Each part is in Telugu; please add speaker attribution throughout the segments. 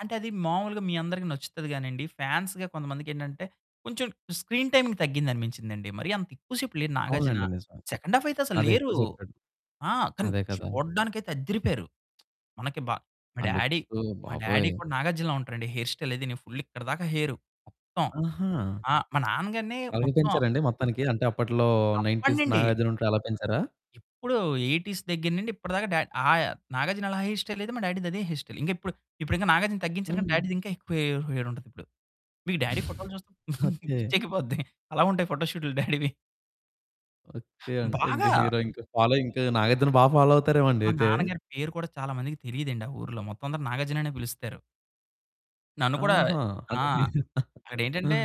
Speaker 1: అంటే, అది మామూలుగా మీ అందరికి నచ్చుతది గానండి, ఫాన్స్‌గా కొంతమందికి ఏంటంటే, కొంచెం స్క్రీన్ టైమింగ్ తగ్గింది అనిపించిందండి. మరి అంత ఎక్కువ సేపు లేరు నాగార్జున.
Speaker 2: అవునండి. నిజమే.
Speaker 1: సెకండ్ హాఫ్ అయితే, అసలు
Speaker 2: అదే
Speaker 1: లేరు.
Speaker 2: ఎక్కువ చెప్పాడు.
Speaker 1: ఆ! కానీ
Speaker 2: అదే కదా!
Speaker 1: చూడడానికైతే అద్దిరిపోయారు. మనకి బా మా
Speaker 2: ఆ!
Speaker 1: డ్యాడీ
Speaker 2: లుక్స్
Speaker 1: మా డ్యాడీ
Speaker 2: బాబోయ్!
Speaker 1: కూడా నాగార్జునల ఉంటారండి. హెయిర్ స్టైల్ అదినీ. ఫుల్ ఇక్కడిదాకా హెయిరు మొత్తం.
Speaker 2: ఆహా!
Speaker 1: ఆ! మా నాన్న గారిని
Speaker 2: అలాగే
Speaker 1: మొత్తం
Speaker 2: పెంచారండి మొత్తానికి? అంటే అప్పట్లో,
Speaker 1: అప్పటి
Speaker 2: 90స్
Speaker 1: నుండి.
Speaker 2: నాగార్జున ఉంటాడు అలా పెంచారా?
Speaker 1: ఎప్పుడూ 80స్ దగ్గర నిండి, ఇప్పటి దాకా డా ఆయ నాగార్జున అలా హెయిర్ స్టైల్ అయితే, మా డ్యాడీ‌ది అదే హెయిర్ స్టైల్. ఇంకా ఇప్పుడు, ఇప్పుడింక నాగార్జున తగ్గించారు గాని,
Speaker 2: హ్మ్.
Speaker 1: డ్యాడీ‌ది ఇంకా ఎక్కువ హె హెయిరుంటది ఇప్పుడు. మీరు డ్యాడీ ఫోటోలు చూస్తే
Speaker 2: ఓకే.
Speaker 1: పిచ్చెక్కిపోద్ది. అలా ఉంటాయి ఫోటో షూట్లు డ్యాడీ‌వి.
Speaker 2: ఓకే. అంటే ఇంక
Speaker 1: బాగా.
Speaker 2: హీరో ఇంక, ఫాలో ఇంక నాగార్జునని బాగా ఫాలో అవుతారేమో అండి
Speaker 1: మా
Speaker 2: అయితే.
Speaker 1: నాన్న గారి పేరు కూడా, చాలా మందికి తెలియదండి ఆ ఊరులో. మొత్తం అందరు నాగార్జున అనే పిలుస్తారు. నన్ను కూడా
Speaker 2: ఆహా!
Speaker 1: ఆ!
Speaker 2: అంటే హీరు
Speaker 1: అక్కడేంటంటే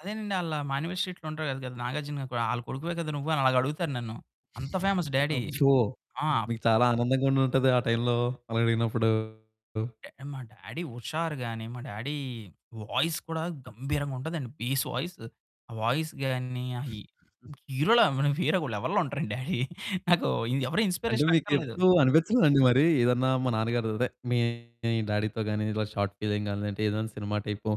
Speaker 1: అదేనండి, "ఆళ్ళ మానివే స్ట్రీట్‌లో ఉంటారు కద, కదా! నాగార్జున కొ ఆళ్ళ కొడుకువే కదా నువ్వు." అని అలాగా అడుగుతారు నన్ను. అంత ఫేమస్ డ్యాడీ.
Speaker 2: అబ్బో!
Speaker 1: ఆ!
Speaker 2: మీకు చాలా ఆనందంగా ఉండుంటదే ఆ టైమ్‌లో, అలా అడిగినప్పుడు.
Speaker 1: డ్యా మా డ్యాడీ హుషారు గాని, మా డ్యాడీ వాయిస్ కూడా గంభీరంగా ఉంటాదండి. Base voice. ఆ వాయిస్ గాని, ఆ హి ఇంక హీరోలా మన వేరే ఓ లెవెల్‌లో ఉంటారండి డ్యాడీ. నాకు ఎవరో
Speaker 2: అంటే
Speaker 1: ఇన్స్‌‌స్పిరేషన్ అక్కర్లేదు.
Speaker 2: మీకెప్పుడు అనిపిచ్చలేదండి? మరి, ఏదన్నా మా నాన్నగారు అదే మీ డ్యాడీ‌తో గాని, ఇలా షార్ట్‌ఫిల్మ్ గాని అంటే ఏదైనా సినిమా టైపో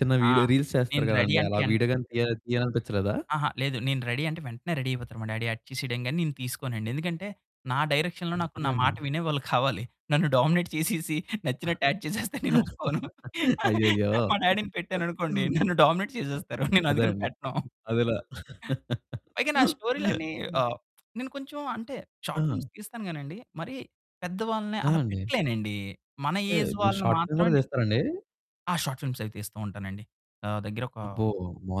Speaker 2: చిన్న
Speaker 1: ఆ!
Speaker 2: వీడియో రీల్స్ చేస్తారు
Speaker 1: నేను రెడీ
Speaker 2: కదండీ!
Speaker 1: అంటే
Speaker 2: అలా
Speaker 1: ఎన్
Speaker 2: వీడియో గాని తీయ తీయాలనిపిచ్చలేదా?
Speaker 1: అహా! లేదు. నేను రెడీ అంటే, వెంటనే రెడి అయిపోతారు మా డ్యాడీ. యాక్ట్ చేసేయ్యం గాని, నేను తీసుకోనండి. ఎందుకంటే, నా డైరెక్షన్‌లో
Speaker 2: డీ
Speaker 1: నాకు నా
Speaker 2: నిజంగా
Speaker 1: మాట
Speaker 2: అండి
Speaker 1: వినేవాళ్ళు కావాలి. నన్ను డామినేట్ చేసేసి, నచ్చినట్టు యాక్ట్ చేసేస్తే నేను ఒప్పుకోను.
Speaker 2: అయ్యయ్యో!
Speaker 1: మా డ్యాడీ‌ని పెట్టాననుకోండి, నన్ను డామినేట్ చేసేస్తారు నేను
Speaker 2: అదే
Speaker 1: అందుకని
Speaker 2: అండి.
Speaker 1: పెట్టాను.
Speaker 2: అదేలా
Speaker 1: పైగా నా స్టోరీలన్నీ ఆహ్, నేను కొంచెం అంటే షార్ట్
Speaker 2: ఆ!
Speaker 1: ఫిల్మ్స్ తీస్తాను గానండి, మరీ పెద్ద వాళ్ళని
Speaker 2: ఆ!
Speaker 1: అలా
Speaker 2: అండి.
Speaker 1: పెట్టలేనండి. మన
Speaker 2: ఏహ్,
Speaker 1: ఏజ్
Speaker 2: మీరు
Speaker 1: వాళ్ళని
Speaker 2: షార్ట్ ఫిల్మ్
Speaker 1: మాత్రమే
Speaker 2: కూడా
Speaker 1: నె
Speaker 2: తీస్తారండి?
Speaker 1: ఆ! షార్ట్ ఫిల్మ్స్ అవి తీస్తూ ఉంటానండి. నా దగ్గరొక
Speaker 2: అబ్బో!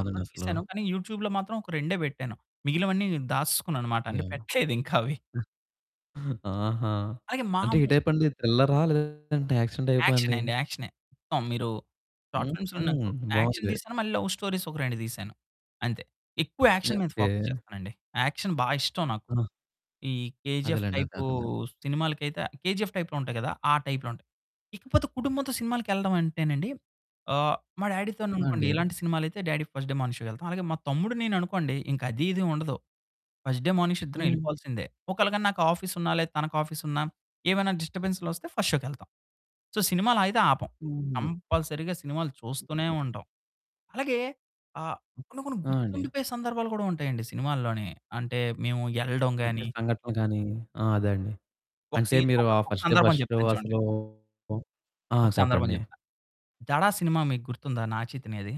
Speaker 1: చాలా
Speaker 2: అసలు.
Speaker 1: తీసాను. కానీ, యూట్యూబ్‌లో మాత్రం ఒక రెండే పెట్టాను. మిగిలినవన్నీ నేను దాసుసుకున్నాను మాట. అంటే
Speaker 2: యాహ్!
Speaker 1: పెట్టలేదు ఇంకా అవి.
Speaker 2: ఆహా!
Speaker 1: అలాగే
Speaker 2: అంటే
Speaker 1: మాము
Speaker 2: ఏ టైపండి? థ్రిల్లరా లేదంటే, యాక్షన్ టైపా అండి.
Speaker 1: యాక్షనండి. యాక్షనే. మొత్తం మీరు షార్ట్
Speaker 2: హుహు.
Speaker 1: ఫిల్మ్స్‌లో నాకు యాక్షన్
Speaker 2: బావుంది.
Speaker 1: తీశాను, మళ్ళీ లవ్ స్టోరీస్ ఒక 2 తీశాను అంతే. ఎక్కువ
Speaker 2: [unintelligible]
Speaker 1: యాక్షన్ మీద ఫోకస్
Speaker 2: ఓకే.
Speaker 1: చేస్తానండి. యాక్షన్ బాగా ఇష్టం నాకు.
Speaker 2: ఆ!
Speaker 1: ఈ 'కేజీఎఫ్'
Speaker 2: అదేలేండి. అదే
Speaker 1: టైపు
Speaker 2: అర్థంఅయ్యింది.
Speaker 1: సినిమాలకైతే 'కేజీఎఫ్' టైప్‌లో ఉంటాయి కదా! ఆ టైప్‌లో ఉంటాయి. ఇకపోతే కుటుంబంతో సినిమాలకెళ్ళడం అంటేనండి, ఆహ్, మా
Speaker 2: ఆ!
Speaker 1: డ్యాడీ‌తోననుకోండి,
Speaker 2: అండి.
Speaker 1: ఇలాంటి సినిమాలయితే డ్యాడీ ఫస్ట్ డే మార్నిగ్ షో‌కెళ్తాం. అలాగే మా తమ్ముడు నేను అనుకోండి, ఇంకా అదీ ,ఇదీ ఉండదు. ఫస్ట్ డే మార్నిగ్ షో‌ ఇద్దరం
Speaker 2: హ్మ్.
Speaker 1: ఎళ్ళిపోవాల్సిందే. ఒకాళ గానీ నాకు ఆఫీసున్నా, లేదా తనకి ఆఫీసున్నా, ఏమైనా డిస్టర్బెన్స్‌‌లొస్తే ఫస్ట్ షో‌కెళ్తాం. సో, సినిమాలయితే ఆపం.
Speaker 2: హుహు.
Speaker 1: కంపల్సరీ‌గా సినిమాలు చూస్తూనే
Speaker 2: ఓకే.
Speaker 1: ఉంటాం. అలాగే ఆహ్,
Speaker 2: హ్మ్.
Speaker 1: కొన్ని, కొన్ని
Speaker 2: ఆ! అండి.
Speaker 1: గుర్తుండిపోయే సందర్భాలు కూడా ఉంటాయండి సినిమాల్లోనే. అంటే మేము ఎళ్ళడం
Speaker 2: అంటే
Speaker 1: గాని
Speaker 2: సంఘటనలు గాని ఆ! అదేండి.
Speaker 1: ఒక
Speaker 2: అంటే
Speaker 1: సీన్
Speaker 2: మీరు,
Speaker 1: ఒక
Speaker 2: ఆ
Speaker 1: ఒక
Speaker 2: ఫస్ట్ డే,
Speaker 1: సందర్భం
Speaker 2: ఫస్ట్ షో
Speaker 1: చెప్తాను చూడండి.
Speaker 2: అసలూ ఆ!
Speaker 1: ఒక సందర్భం
Speaker 2: చెప్పండి.
Speaker 1: చెప్తా. 'దడ' సినిమా మీకు గుర్తుందా? నాగ చైతన్యది.